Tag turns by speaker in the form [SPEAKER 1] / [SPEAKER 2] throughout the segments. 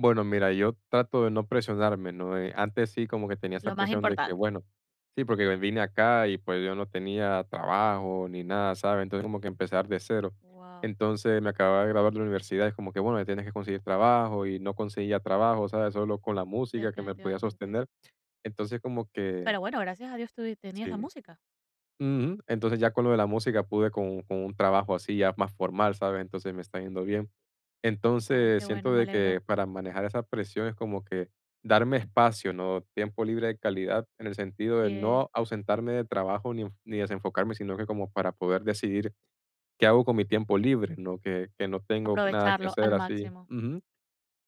[SPEAKER 1] Bueno, mira, yo trato de no presionarme, ¿no? Eh, antes sí como que tenía esa
[SPEAKER 2] Lo más
[SPEAKER 1] presión de que,
[SPEAKER 2] importante.
[SPEAKER 1] bueno, sí, porque vine acá y, pues, yo no tenía trabajo ni nada, ¿sabes? Entonces, como que empezar de cero.
[SPEAKER 2] Guau.
[SPEAKER 1] Entonces, me acababa de graduar de universidad, es como que, bueno, tienes que conseguir trabajo, y no conseguía trabajo, ¿sabes? Solo con la música que me podía
[SPEAKER 2] Definitivamente.
[SPEAKER 1] sostener. Entonces, como que
[SPEAKER 2] Pero bueno, gracias a Dios tuvist tenías la
[SPEAKER 1] Sí.
[SPEAKER 2] música.
[SPEAKER 1] Ujú. Entonces, ya con lo de la música pude con con un trabajo así ya más formal, ¿sabes? Entonces, me está yendo bien.
[SPEAKER 2] Ay,
[SPEAKER 1] Entonces,
[SPEAKER 2] qué bueno,
[SPEAKER 1] siento
[SPEAKER 2] me
[SPEAKER 1] de que
[SPEAKER 2] alegro.
[SPEAKER 1] para manejar esa presión es como que darme espacio, ¿no? Tiempo libre de calidad, en el sentido
[SPEAKER 2] Asi
[SPEAKER 1] de
[SPEAKER 2] es.
[SPEAKER 1] no ausentarme de trabajo ni-ni desenfocarme, sino que como para poder decidir qué hago con mi tiempo libre, no que que no tengo nada que
[SPEAKER 2] Aprovecharlo
[SPEAKER 1] hacer
[SPEAKER 2] al
[SPEAKER 1] así.
[SPEAKER 2] máximo.
[SPEAKER 1] Ujú.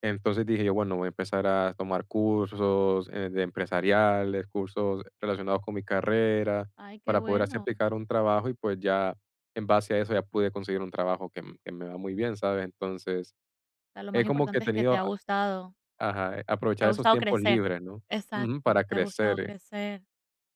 [SPEAKER 1] Entonces dije yo: "Bueno, voy a empezar a tomar cursos, eh, de empresariales, cursos relacionados con mi carrera,
[SPEAKER 2] Ay, qué
[SPEAKER 1] para poder así
[SPEAKER 2] bueno.
[SPEAKER 1] aplicar a un trabajo" y, pues, ya en base a eso ya pude conseguir un trabajo que que me va muy bien, ¿sabes? Entonces,
[SPEAKER 2] Lo
[SPEAKER 1] es
[SPEAKER 2] más
[SPEAKER 1] como que he
[SPEAKER 2] importante es que te
[SPEAKER 1] tenido
[SPEAKER 2] ha gustado
[SPEAKER 1] ajá,
[SPEAKER 2] te
[SPEAKER 1] aprovechar
[SPEAKER 2] ha
[SPEAKER 1] esos
[SPEAKER 2] gustado
[SPEAKER 1] tiempos
[SPEAKER 2] crecer.
[SPEAKER 1] libres, ¿no? Ujú, para
[SPEAKER 2] Exacto, te ha gustado
[SPEAKER 1] crecer.
[SPEAKER 2] crecer.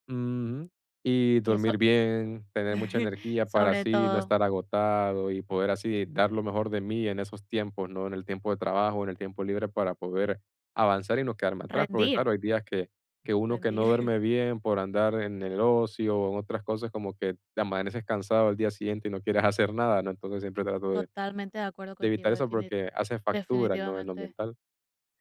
[SPEAKER 1] Ujú, y
[SPEAKER 2] Y eso,
[SPEAKER 1] dormir bien, tener mucha energía para
[SPEAKER 2] sobre
[SPEAKER 1] así no
[SPEAKER 2] todo.
[SPEAKER 1] estar agotado, y poder así dar lo mejor de mí en esos tiempos, ¿no? En el tiempo de trabajo, en el tiempo libre para poder avanzar, y no quedarme atrás. Porque
[SPEAKER 2] Rendir.
[SPEAKER 1] claro, hay días que que uno que
[SPEAKER 2] Rendir.
[SPEAKER 1] no duerme bien por andar en el ocio, o en otras cosas como que te amaneces cansado al día siguiente y no quieres hacer nada, ¿no? Entonces, siempre trato de
[SPEAKER 2] Totalmente de acuerdo
[SPEAKER 1] de
[SPEAKER 2] contigo
[SPEAKER 1] evitar eso
[SPEAKER 2] defini
[SPEAKER 1] porque hace factura, ¿no? En lo
[SPEAKER 2] definitivamente.
[SPEAKER 1] mental.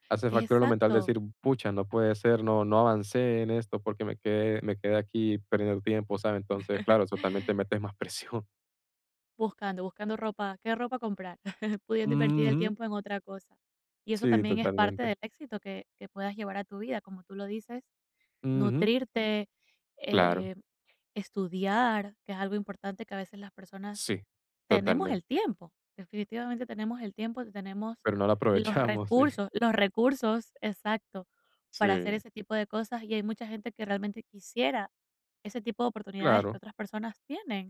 [SPEAKER 1] Hace factura lo mental
[SPEAKER 2] Exacto.
[SPEAKER 1] decir, pucha, no puede ser, no no avancé en esto, porque me quedé me quedé aquí perdiendo el tiempo, ¿sabes? Entonces, claro, eso también te metes más presión.
[SPEAKER 2] Buscando, buscando ropa, ¿qué ropa comprar? Pudiendo invertir el
[SPEAKER 1] Ujú.
[SPEAKER 2] tiempo en otra cosa. Y eso
[SPEAKER 1] Sí,
[SPEAKER 2] también es parte
[SPEAKER 1] totalmente.
[SPEAKER 2] del éxito que que puedas llevar a tu vida, como tú lo dices,
[SPEAKER 1] Ujú.
[SPEAKER 2] nutrirte,
[SPEAKER 1] Claro.
[SPEAKER 2] eh, estudiar, que es algo importante, que a veces las personas
[SPEAKER 1] Sí,
[SPEAKER 2] tenemos
[SPEAKER 1] totalmente.
[SPEAKER 2] el tiempo, definitivamente tenemos el tiempo, tenemos
[SPEAKER 1] Pero no la
[SPEAKER 2] los
[SPEAKER 1] aprovechamos, sí.
[SPEAKER 2] recursos los recursos, exacto, para hacer
[SPEAKER 1] Sí.
[SPEAKER 2] ese tipo de cosas, y hay mucha gente que realmente quisiera ese tipo de oportunidades que
[SPEAKER 1] Claro.
[SPEAKER 2] otras personas tienen.